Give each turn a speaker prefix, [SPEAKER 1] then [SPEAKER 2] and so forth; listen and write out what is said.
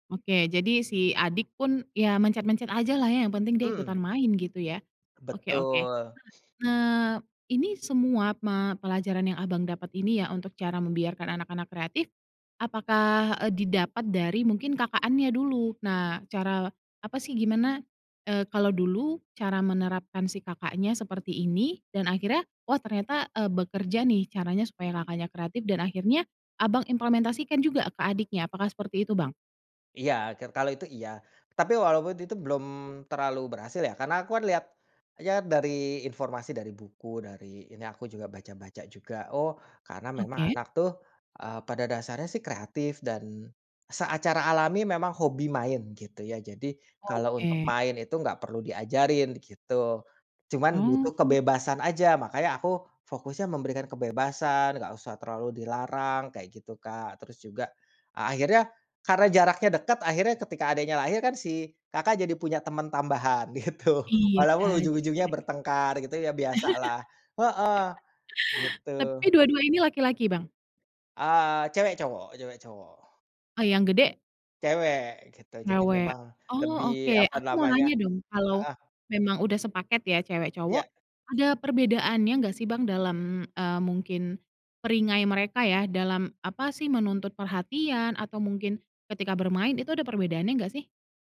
[SPEAKER 1] Oke. Jadi, si adik pun ya mencet-mencet ajalah ya, yang penting dia ikutan
[SPEAKER 2] Mmm.
[SPEAKER 1] main gitu ya. Oke oke.
[SPEAKER 2] Betul.
[SPEAKER 1] Nah nah, ini semua ma pelajaran yang Abang dapat ini ya, untuk cara membiarkan anak-anak kreatif. Apakah, eee, didapat dari mungkin kakaknya dulu? Nah, cara apa sih, gimana, eee, kalau dulu cara menerapkan si kakaknya seperti ini dan akhirnya, "Oh ternyata, eee, bekerja nih caranya supaya kakaknya kreatif," dan akhirnya Abang implementasikan juga ke adiknya, apakah seperti itu, Bang?
[SPEAKER 2] Iya. Ker kalau itu iya. Tapi walaupun itu belum terlalu berhasil ya. Karena aku kan lihat, ya dari informasi dari buku, dari ini aku juga baca-baca juga, oh, karena memang
[SPEAKER 1] Oke.
[SPEAKER 2] anak tuh, eee, pada dasarnya sih kreatif dan seacara alami memang hobi main gitu ya. Jadi kalau untuk
[SPEAKER 1] Oke.
[SPEAKER 2] main itu gak perlu diajarin gitu. Cuman butuh
[SPEAKER 1] Oh.
[SPEAKER 2] kebebasan aja, makanya aku fokusnya memberikan kebebasan, nggak usah terlalu dilarang, kayak gitu, Kak. Terus juga, akhirnya karena jaraknya dekat akhirnya ketika adiknya lahir kan si kakak jadi punya teman tambahan gitu.
[SPEAKER 1] Iya,
[SPEAKER 2] Walaupun
[SPEAKER 1] jadi
[SPEAKER 2] ujung-ujungnya
[SPEAKER 1] penyayang.
[SPEAKER 2] bertengkar gitu ya biasalah. Heeh. Gitu.
[SPEAKER 1] Tapi dua-dua ini laki-laki, Bang?
[SPEAKER 2] Eee, cewek-cowok cewek-cowok.
[SPEAKER 1] Oh, yang gede?
[SPEAKER 2] Cewek, gitu. Jadi,
[SPEAKER 1] Cewek.
[SPEAKER 2] memang
[SPEAKER 1] Oh
[SPEAKER 2] lebih
[SPEAKER 1] oke,
[SPEAKER 2] apa
[SPEAKER 1] aku mau
[SPEAKER 2] namanya
[SPEAKER 1] nanya dong, kalau
[SPEAKER 2] heeh.
[SPEAKER 1] memang udah sepaket ya cewek-cowok,
[SPEAKER 2] Iya.
[SPEAKER 1] ada perbedaannya enggak sih, Bang, dalam, eee, mungkin perangai mereka ya dalam apa sih, menuntut perhatian atau mungkin ketika bermain itu ada perbedaannya enggak sih?